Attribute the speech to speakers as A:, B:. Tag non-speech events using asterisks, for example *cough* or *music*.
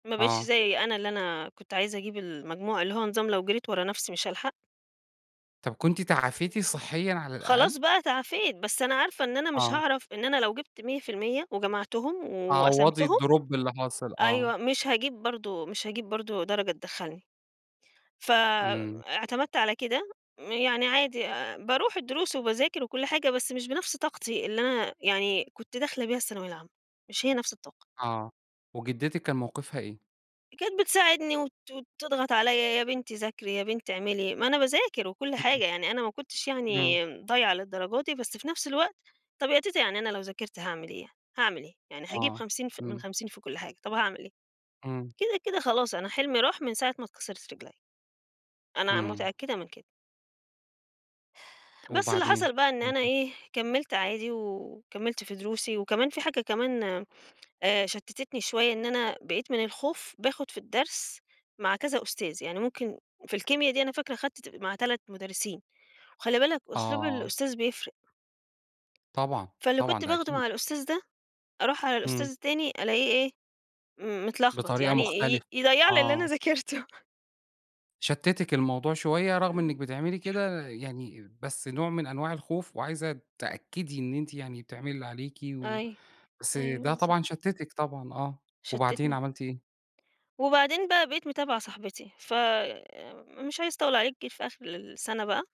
A: ما بقيتش
B: آه.
A: زي أنا اللي أنا كنت عايزة أجيب المجموع، اللي هو نظام لو جريت ورا نفسي مش هالحق.
B: طب كنتِ تعافيتِ صحيًا على
A: خلاص
B: الأقل؟
A: بقى تعافيت، بس أنا عارفة إن أنا مش
B: آه.
A: هاعرف إن أنا لو جِبت 100% وجمعتُهُم
B: تعوضي
A: وقسمتُهُم
B: الDrop اللي حاصل آه.
A: أيوه، مش هاجيب برضه، مش هاجيب برضه درجة تدَخّلني، ف
B: إمم.
A: اعتمدت على كده، يعني عادي آآ باروح الدُّرُوس وباذاكر وكُلّ حاجة، بس مش بنفس طاقتي اللي أنا يعني كنت داخلة بيها الثانوية العامة، مش هي نفس الطاقة.
B: آه، وجدِّتِك كان موقفها إيه؟
A: كانت بتساعدني وت تضغط عليّا، يا بنتي ذاكري، يا بنتي اعملي، ما أنا باذاكر وكُلّ
B: *unintelligible*
A: حاجة، يعني أنا ما كُنتش
B: إمم.
A: يعني ضايعة للدرجة دي، بس في نفس الوقت طب يا تيتة يعني أنا لو ذاكرت هاعمل إيه، يعني هاعمل إيه؟ يعني هاجيب
B: آه،
A: 50 ف من
B: إمم.
A: 50 في كُلّ حاجة، طب هاعمل إيه؟
B: إمم.
A: كده، كده خلاص أنا حلمي راح من ساعة ما اتكسرِت رِجليّا. أنا
B: إمم.
A: متأكدة من كده. بس اللي
B: وبعدين؟
A: حصل بقى إن أنا
B: *unintelligible*
A: إيه كَمَّلت عادي، و وكَمَّلت في دروسي، وكمان في حاجة كمان آآ شتِّتني شوية، إن أنا بقيت من الخوف، باخد في الدَّرس مع كذا أُستاذ، يعني ممكن في الكيميا دي أنا فاكرة خدت مع 3 مُدرِّسين، وخلِّ بالك أسلوب
B: آه.
A: الأُستاذ بيفرق.
B: طبعًا،
A: فاللي
B: طبعًا
A: كنت
B: ده
A: باخده مع
B: أكيد.
A: الأُستاذ ده، أروح على الأُستاذ
B: إمم.
A: التاني ألاقيه إيه م متلخبط،
B: بطريقة
A: يعني ي
B: مختلفة،
A: يضيَّع لي اللي أنا
B: آه.
A: ذاكرتُه.
B: شتِّتِك الموضوع شوية، رغم إنِك بتعملي
A: *unintelligible*
B: كده يعني بس نوع من أنواع الخوف، وعايزة تأكدي إن أنتِ يعني بتعملي اللي عليكِ، و
A: أيوه،
B: بس
A: أيوه
B: ده
A: بالضبط.
B: طبعًا شتِّتِك طبعًا آه، وبعدين
A: شتتني.
B: عملتِ إيه؟
A: وبعدين بقى بقيت متابعة صاحبتي، ف آآ مش عايزة أطوِّل عليك جيت في آخر السنة بقى